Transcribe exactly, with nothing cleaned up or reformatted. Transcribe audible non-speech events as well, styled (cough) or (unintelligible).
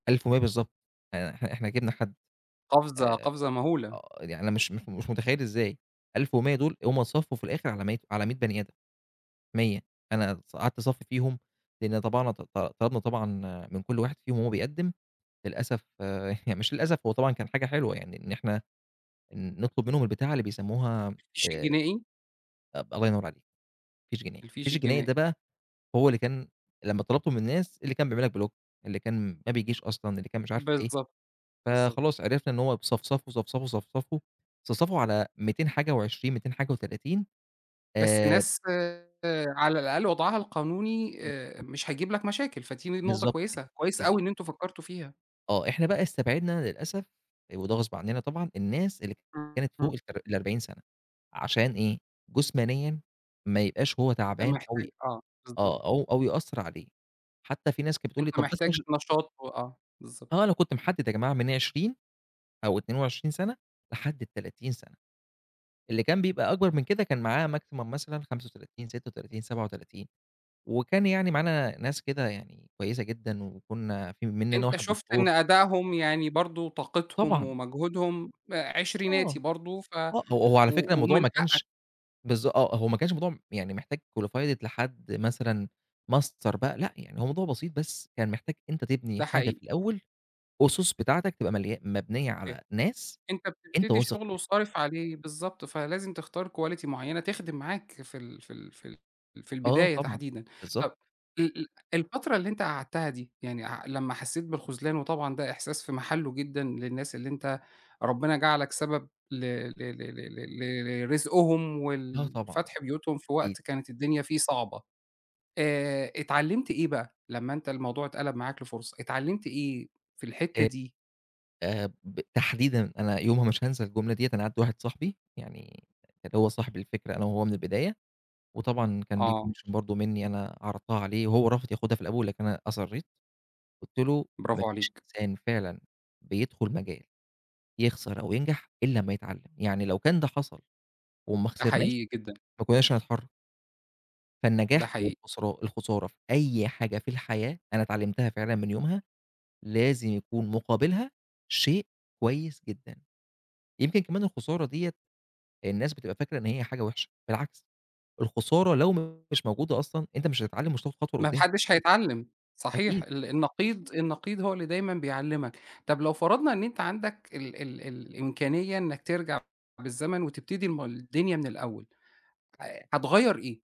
ألف و مِيّة بالضبط، يعني إحنا إحنا جبنا حد. قفزة آآ، قفزة مهولة. آه، يعني أنا مش مش مش متخيل إزاي. ألف و مِيّة دول هُم اتصفّوا في الآخر على مَيّة على مِيّة بَني آدم، مِيّة. أنا ص قعدت اصفّي فيهم، لإن طبعنا ط ط طلبنا طبعًا من كل واحد فيهم وهو بيقدم للأسف، (chuckles) مش للأسف هو طبعًا كان حاجة حلوة يعني إن إحنا ن نطلب منهم البتاعة اللي بيسموها الفيش آآ، الجنائي؟ أب الله ينور عليك، فيش جنائي. الفيش الفيش الجنائي ده الجنائي. بقى هو اللي كان لمّا طلبته من الناس، اللي كان بيعمل لك بلوك اللي كان ما بيجيش أصلًا، اللي كان مش عارف إيه. بالضبط، بالضبط. فخلاص عرفنا إن هو ب صفصفوا، صفصفوا، صفصفوا، صفصفوا على ميتين حاجة وعشرين متين حاجة وتلاتين بس آآ ناس على الأقل وضعها القانوني آآ، بالضبط. مش هيجيب لك مشاكل. فدي ن نقطة بالضبط كده، كويسة، كويسة بالضبط. أوي إن أنتم فكرتوا فيها. آه، إحنا بقى استبعدنا للأسف آآ، وده غصب عنّنا طبعًا الناس اللي ك إ كانت فوق إمم. التلا الأربعين سنة عشان إيه؟ جُسمانيًا ما يبقاش هو أنت تعبان أو ي محتاج آه، بالضبط. آه، أو أو يأثّر عليه. حتى في ناس كانت بتقول لي أنت طب بس محتاج مش نشاط و آه، بالضبط. آه، أنا كنت محدد يا جماعة من عشرين أو أتنين وعشرين سنة لحد التلاتين سنة. اللي كان بيبقى أكبر من كده كان معاه maximum مثلًا خمسة وتلاتين، ستة وتلاتين، سبعة وتلاتين وكان يعني معانا ناس كده يعني كويسة جدًا وكنّا في منّنا أنت واحد شُفت إن دكتور. أداؤهم يعني برضه طاقتهم طبعًا. ومجهودهم، آآ، عشرناتي آه، برضه ف آه، هو هو على فكرة و الموضوع ومن ما حقك كانش بالض آه، هو ما كانش موضوع م يعني محتاج qualified لحد مثلًا master بقى لأ، يعني هو موضوع بسيط بس كان محتاج أنت تبني ده حاجة حقيقي. في الأول، أُسُس بتاعتك تبقى مليا مبنيّة به على ناس أنت أنت بتبتدي واثق شغل فيهم. وصارف عليه، بالضبط. فلازم تختار quality معيّنة تخدم معاك في ال في ال في ال في آه البداية طبعًا، تحديدًا. بالضبط. طب، ال ال الفترة اللي أنت قعدتها دي يعني أع لمّا حسّيت بالخُذلان وطبعًا ده إحساس في محله جدًا للناس اللي أنت ربنا جعلك سبب ل ل ل ل ل ل لرزقهم، لأ طبعًا، ولفتح بيوتهم في أكيد. وقت كانت الدنيا فيه صعبة. آآ، اتعلمت إيه بقى لمّا أنت الموضوع إتقلب معاك لفرصة؟ اتعلمت إيه في الحتة آآ، دي؟ آآ، ب تحديدًا أنا يومها مش هانسى الجملة دِيّة أنا عندي واحد صاحبي، يعني اللي هو صاحب الفكرة أنا وهو من البداية، وطبعًا كان ليه آه. commission برضه منّي أنا عرضتها عليه وهو رافض ياخدها في الأول لكن أنا أصرّيت. قُلت له: "ما برافو فيش عليك. إنسان فعلًا بيدخل مجال يخسر أو ينجح إلّا أمّا يتعلم. يعني لو كان ده حصل وما ده خسرناش، حقيقي جدًا. ما كنّاش هنتحرك." ده فالنجاح حقيقي. والخسران الخسارة في أي حاجة في الحياة، أنا اتعلمتها فعلًا من يومها، لازم يكون مُقابلها شيء كويس جدًا. يمكن كمان الخسارة دِيّة الناس بتبقى فاكرة إن هي حاجة وحشة، بالعكس الخسارة لو مش موجودة أصلًا أنت مش هتتعلم ومش هتاخد خطوة ما ما لقدّام. حدش (unintelligible) هيتعلم. صحيح، أكيد. ال النقيض النقيض هو اللي دايمًا بيعلمك. طب، لو فرضنا إن أنت عندك ال ال ال الإمكانية إنّك ترجع بالزمن وتبتدي ما الدنيا من الأول ه هتغيّر إيه؟